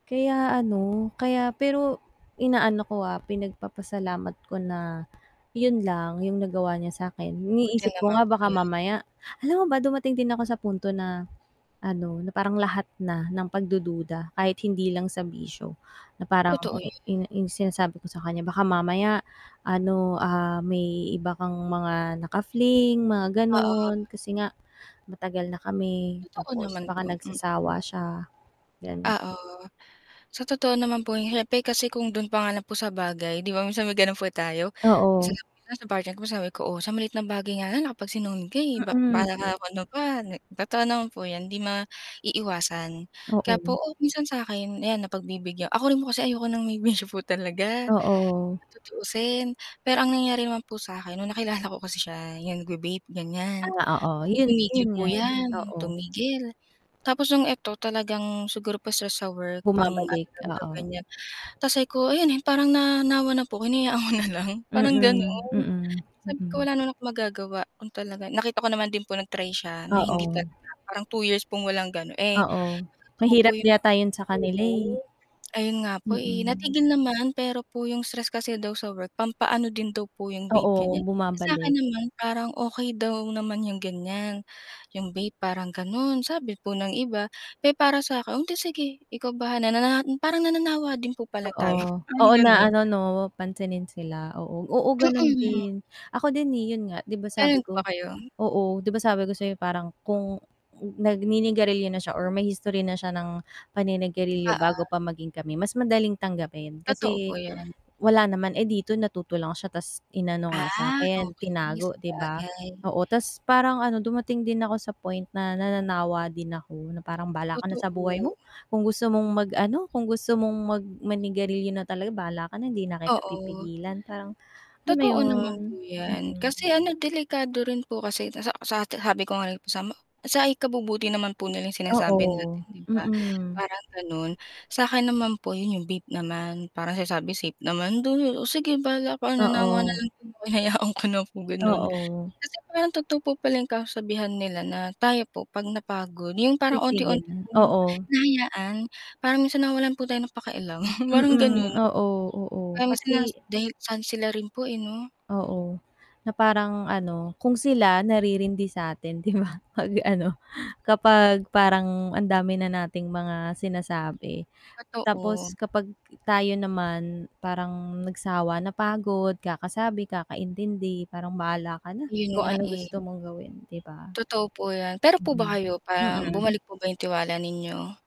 Kaya ano, kaya pero, inaano ko, ah, pinagpapasalamat ko na 'yun lang 'yung nagawa niya sa akin. Buti Iniisip ko naman nga po baka 'yun. mamaya alam mo ba, dumating din ako sa punto na ano, na parang lahat na ng pagdududa, kahit hindi lang sa bisyo, na parang Totoo i 'yan. 'yung 'yung sinasabi ko sa kaniya, "baka mamaya ano, ah, may iba kang mga naka-fling," mga Oo. gano'n, kasi nga matagal na kami, Totoo tapos naman po, baka mm. nagsasawa siya, gano'n. Oo. So totoo naman po 'yun, siyempre kasi kung do'n pa nga lang po sa bagay, 'di ba, minsan may gano'n po tayo. Oo. Sinabi ko nga sa partner ko, "Oh, sa maliit na bagay nga lang nakapagsinungaling ka, eh, bak baka nga Mm. ano pa, nek" Totoo naman po 'yon, 'di maiiwasan, kaya po, Oo. oh, minsan sa akin, ayan napagbibigyan ako rin po kasi ayoko ng may bisyo po talaga, Oo. sa tutuusin. Pero ang nangyari naman po sa'kin no'ng nakilala ko kasi siya, 'yung nagva vape ganiyan, Ah, oo, so, 'yun. tumigil 'Yun po nga, eh, 'yan, oo. tumigil. Tapos no'ng eto, talagang siguro po stress sa work, pang-ano Bumabalik, lang daw oo. ganiyan, tas sabi ko, ayun, parang nanawa na po hinayaan ko na lang, parang Mm, gano'n. mm, Sabi ko, mm. wala naman akong magagawa kung talaga nakita ko naman din po nag-try siya na hindi Oo. talaga, parang 2 years pong walang gano'n. Eh, sa Oo, totoo po mahirap 'yun yata 'yun sa kanila, eh. oo. Ayun nga po, eh, Mm. natigil naman, pero po 'yung stress kasi daw sa work, pampaano din daw po 'yung vape Oo, ganiyan. Eh, sa'kin bumabalik. naman parang okey daw naman 'yung ganiyan, 'yung vape parang gano'n, sabi po ng iba. Pero para sa'kin, "Eh, di sige, ikaw bahala," na na parang nananawa din po pala tayo Oo. parang Oo, na gano'n. ano, 'no pansinin sila, oo. Oo, gano'n Mm. din. Ako din, eh, 'yun nga, di ba, sabi Gano'n ko ba kayo? oo, 'di ba sabi ko sa'yo parang kung nagninigarilyo na siya or may history na siya ng paninigarilyo bago Oo. pa maging kami, mas madaling tanggapin Totoo kasi, po 'yun. wala naman. Eh, dito natuto lang siya, tas inano nga Ah, sa'kin okey, tinago 'di ba? sabagay. Oo, tas parang ano dumating din ako sa point na nananawa din ako na parang, "Bahala ka na sa buhay Totoo. mo, kung gusto mong mag-ano, kung gusto mong mag manigarilyo na talaga bahala ka na hindi na kita Oo. pipigilan." Parang alam mo Totoo naman 'yon, po 'yan. mm. Kasi ano delikado rin po kasi, sa sati sabi ko nga sa kasama ko, sa ikabubuti naman po nila 'yung sinasabi natin Oo, 'di ba, mm. parang gano'n. Sa'kin naman po, 'yung vape naman, parang sinasabi safe naman, though, "Oh, sige bahala ka," nanawa na Oo. lang din ako, hinayaan ko na po gano'n. Oo. Kasi parang totoo po pala 'yung kasabihan nila na, tayo po 'pag napagod 'yung parang unti Titigil unti na, pong oo. hinahayaan, parang minsan nawalan po tayo ng pakialam, parang Mm, gano'n. oo, oo. Marami sila s Kasi dahil saan sila rin po, eh, 'no. Oo, na parang ano, kung sila naririndi sa atin 'di ba, pag-ano kapag parang ang dami na nating mga sinasabi, Totoo. tapos kapag tayo naman parang nagsawa, napagod kakasabi, kakaintindi, parang, "bahala ka na 'Yun kung nga, anong eh. gusto mong gawin," 'di ba? Totoo po 'yan. Pero po, Mm, ba kayo parang mm. bumalik po ba 'yung tiwala ninyo?